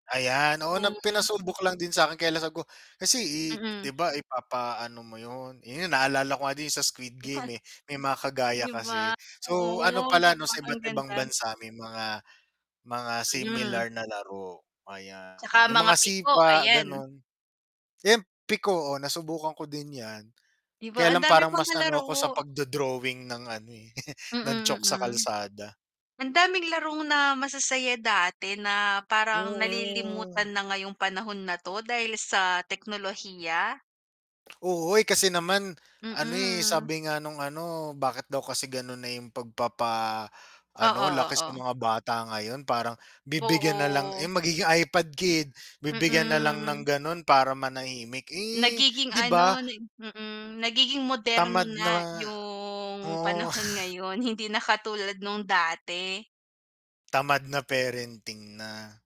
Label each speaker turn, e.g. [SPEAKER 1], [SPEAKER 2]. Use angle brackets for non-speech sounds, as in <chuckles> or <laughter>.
[SPEAKER 1] Ayan, oo na
[SPEAKER 2] Mm.
[SPEAKER 1] pinasubok lang din sa'kin kaya lang sabi ko, kasi, eh, 'di
[SPEAKER 2] Mm.
[SPEAKER 1] ba ipapaano mo 'yun, eh, 'yun naalala ko nga din sa Squid Game, eh,
[SPEAKER 2] <laughs>
[SPEAKER 1] may mga kagaya
[SPEAKER 2] 'Di ba,
[SPEAKER 1] kasi. So ano
[SPEAKER 2] oo 'di
[SPEAKER 1] pala 'no,
[SPEAKER 2] ba
[SPEAKER 1] sa
[SPEAKER 2] ang
[SPEAKER 1] iba't ibang
[SPEAKER 2] ganda.
[SPEAKER 1] bansa may mga, mga
[SPEAKER 2] Mm.
[SPEAKER 1] similar na laro,
[SPEAKER 2] 'Tsaka
[SPEAKER 1] ayan. Yung
[SPEAKER 2] mga
[SPEAKER 1] mga
[SPEAKER 2] piko,
[SPEAKER 1] sipa
[SPEAKER 2] ayan.
[SPEAKER 1] gano'n. 'Yan piko, oh, nasubukan ko din yan.
[SPEAKER 2] 'Di
[SPEAKER 1] Kaya
[SPEAKER 2] ba, ang
[SPEAKER 1] lang
[SPEAKER 2] daming
[SPEAKER 1] parang mas
[SPEAKER 2] mga
[SPEAKER 1] ano ko sa
[SPEAKER 2] laro.
[SPEAKER 1] pagdo-drawing ng ano, eh, <chuckles> ng
[SPEAKER 2] Mm,
[SPEAKER 1] chalk sa
[SPEAKER 2] mm.
[SPEAKER 1] kalsada.
[SPEAKER 2] Ang daming larong na masasaya dati na parang nalilimutan
[SPEAKER 1] Oo.
[SPEAKER 2] na ngayong panahon na 'to dahil sa teknolohiya.
[SPEAKER 1] Oo, eh, kasi naman ano, eh,
[SPEAKER 2] Mm.
[SPEAKER 1] sabi nga nung ano, bakit daw kasi gano'n na yung pagpapa ano
[SPEAKER 2] Oo,
[SPEAKER 1] laki sa
[SPEAKER 2] oo.
[SPEAKER 1] mga bata ngayon parang bibigyan nalang,
[SPEAKER 2] Oo.
[SPEAKER 1] eh, magiging iPad kid. Bibigyan nalang ng
[SPEAKER 2] Mm.
[SPEAKER 1] gano'n para manahimik. Eh,
[SPEAKER 2] Nagiging
[SPEAKER 1] 'di ba
[SPEAKER 2] ano nag mm, nagiging moderno
[SPEAKER 1] Tamad na nga,
[SPEAKER 2] na yung
[SPEAKER 1] oo.
[SPEAKER 2] panahon ngayon hindi na katulad nung dati.
[SPEAKER 1] Tamad na parenting na.